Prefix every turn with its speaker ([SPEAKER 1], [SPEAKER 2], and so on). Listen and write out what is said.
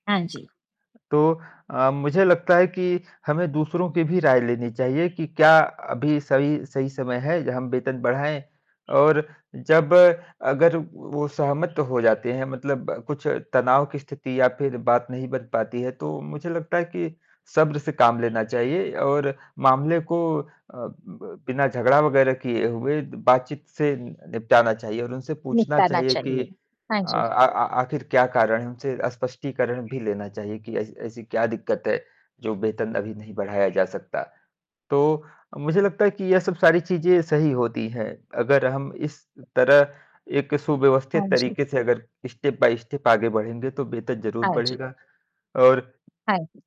[SPEAKER 1] हाँ जी।
[SPEAKER 2] तो अ, मुझे लगता है कि हमें दूसरों की भी राय लेनी चाहिए कि क्या अभी सही सही समय है, हम वेतन बढ़ाएँ और जब अगर वो सहमत हो जाते हैं, मतलब कुछ तनाव की स्थिति या फ़िर बात नहीं बन पाती है, तो मुझे लगता है कि सब्र से काम लेना चाहिए और मामले को अ, ब बिना झगड़ा वगैरह किए हुए बातचीत से नि निपटाना चाहिए। और उनसे पूछना
[SPEAKER 1] निपटाना
[SPEAKER 2] चाहिए कि
[SPEAKER 1] चाहिए, हाँ
[SPEAKER 2] अ,
[SPEAKER 1] जी।
[SPEAKER 2] आ आ आखिर क्या कारण है उनसे स्पष्टीकरण भी लेना चाहिए कि, ऐसी ऐसी क्या दिक्कत है, जो वेतन अभी नहीं बढ़ाया जा सकता। तो, मुझे लगता है कि ये सब सारी चीज़ें सही होती है, अगर हम इस तरह एक
[SPEAKER 1] हाँ
[SPEAKER 2] सुव्यवस्थित
[SPEAKER 1] जी।
[SPEAKER 2] तरीके से अगर स्टेप बाय स्टेप आगे बढ़ेंगे तो वेतन ज़रूर
[SPEAKER 1] हाँ जी।
[SPEAKER 2] बढ़ेगा। और
[SPEAKER 1] हाँ जी।